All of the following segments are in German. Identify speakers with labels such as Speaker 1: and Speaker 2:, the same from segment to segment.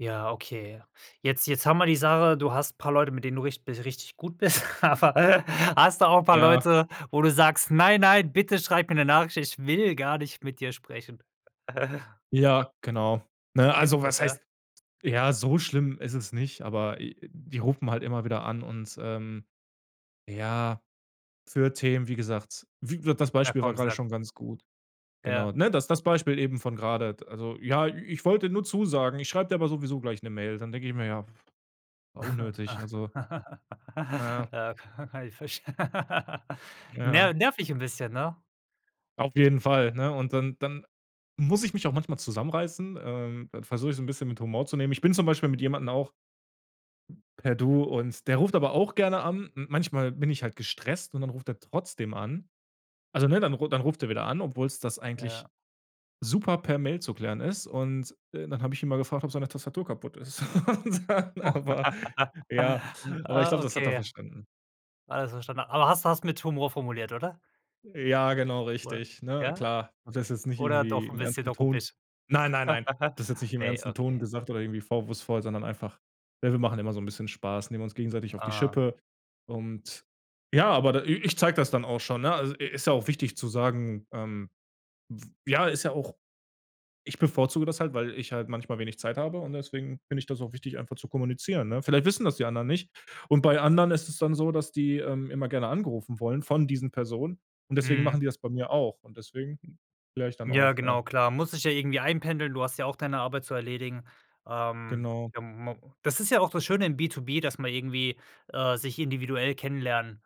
Speaker 1: Ja, okay. Jetzt jetzt haben wir die Sache, du hast paar Leute, mit denen du richt bi richtig gut bist, aber hast du auch paar
Speaker 2: Ja.
Speaker 1: Leute, wo du sagst: „Nein, nein, bitte schreib mir 'ne Nachricht, ich will gar nicht mit dir sprechen.“
Speaker 2: Ja, genau. Ne?
Speaker 1: Gibt's
Speaker 2: Also,
Speaker 1: das,
Speaker 2: was
Speaker 1: ja?
Speaker 2: heißt ja, so schlimm ist es nicht, aber, äh, die rufen halt immer wieder an und, ähm ja, für Themen, wie gesagt wie wird das
Speaker 1: Ja,
Speaker 2: Beispiel war
Speaker 1: komm,
Speaker 2: gerade
Speaker 1: sag.
Speaker 2: schon ganz gut. Genau,
Speaker 1: Ja.
Speaker 2: ne? Das das Beispiel eben von grade t also: „Ja, i ich wollte nur zusagen, ich schreib dir aber sowieso gleich 'ne Mail.“ Dann denke ich mir: „Ja, war unnötig.“ Also. Na ja.
Speaker 1: Ja, ka kann ich verst
Speaker 2: Ja.
Speaker 1: nerv nervig 'n bisschen, ne?
Speaker 2: Auf jeden Fall, ne? Und dann dann muss ich mich auch manchmal zusammenreißen. Ähm, dann versuch ich, so 'n bisschen mit Humor zu nehmen. Ich bin zum Beispiel mit jemandem auch per „Du“ und der ruft aber auch gerne an. M manchmal bin ich halt gestresst und dann ruft er trotzdem an. Also ne? Dann dann ruft er wieder an, obwohl's das eigentlich
Speaker 1: Ja.
Speaker 2: super per Mail zu klären ist und, äh, dann hab ich ihn mal gefragt, ob seine Tastatur kaputt ist. Und dann,
Speaker 1: Oh.
Speaker 2: aber ja, aber ich
Speaker 1: Ah,
Speaker 2: glaub, das hat er
Speaker 1: okay.
Speaker 2: verstanden.
Speaker 1: Alles verstan aber hast du hast du mit Humor formuliert, oder?
Speaker 2: Ja, genau
Speaker 1: Oder?
Speaker 2: richtig, ne?
Speaker 1: Ja?
Speaker 2: Klar, hab das jetzt nicht
Speaker 1: Oder
Speaker 2: irgendwie
Speaker 1: doch 'n
Speaker 2: im
Speaker 1: bisschen
Speaker 2: ernsten Ton
Speaker 1: ruppig?
Speaker 2: nein, nein, nein. Habe das jetzt nicht im
Speaker 1: Ne,
Speaker 2: ernsten Ton
Speaker 1: okay.
Speaker 2: gesagt oder irgendwie vorwurfsvoll, sondern einfach, äh, wir machen immer so 'n bisschen Spaß, nehmen uns gegenseitig auf die
Speaker 1: Ah.
Speaker 2: Schippe und, ja, aber i i ich zeig das dann auch schon, ne? E e also, äh, ist ja auch wichtig zu sagen, ähm, w ja, ist ja auch ich bevorzuge das halt, weil ich halt manchmal wenig Zeit habe und deswegen finde ich das auch wichtig, einfach zu kommunizieren, ne? Vielleicht wissen das die anderen nicht und bei anderen ist es dann so, dass die, ähm, immer gerne angerufen wollen von diesen Personen und deswegen
Speaker 1: Mhm.
Speaker 2: machen die das bei mir auch und deswegen klär ich dann
Speaker 1: Ja,
Speaker 2: auf, ja.
Speaker 1: genau, klar, muss sich ja irgendwie einpendeln. Du hast ja auch deine Arbeit zu erledigen. Ähm,
Speaker 2: Genau.
Speaker 1: ja, ma das ist ja auch das Schöne im B2B, dass man irgendwie, äh, sich individuell kennenlernen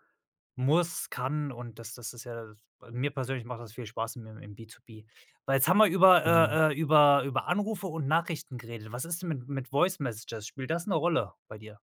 Speaker 1: muss, kann und das das ist ja da mir persönlich macht das viel Spaß im im B2B. Weil, jetzt haben wir über,
Speaker 2: Genau.
Speaker 1: äh äh, über über Anrufe und Nachrichten geredet. Was ist denn mit mit voice messages? Spielt das 'ne Rolle bei dir?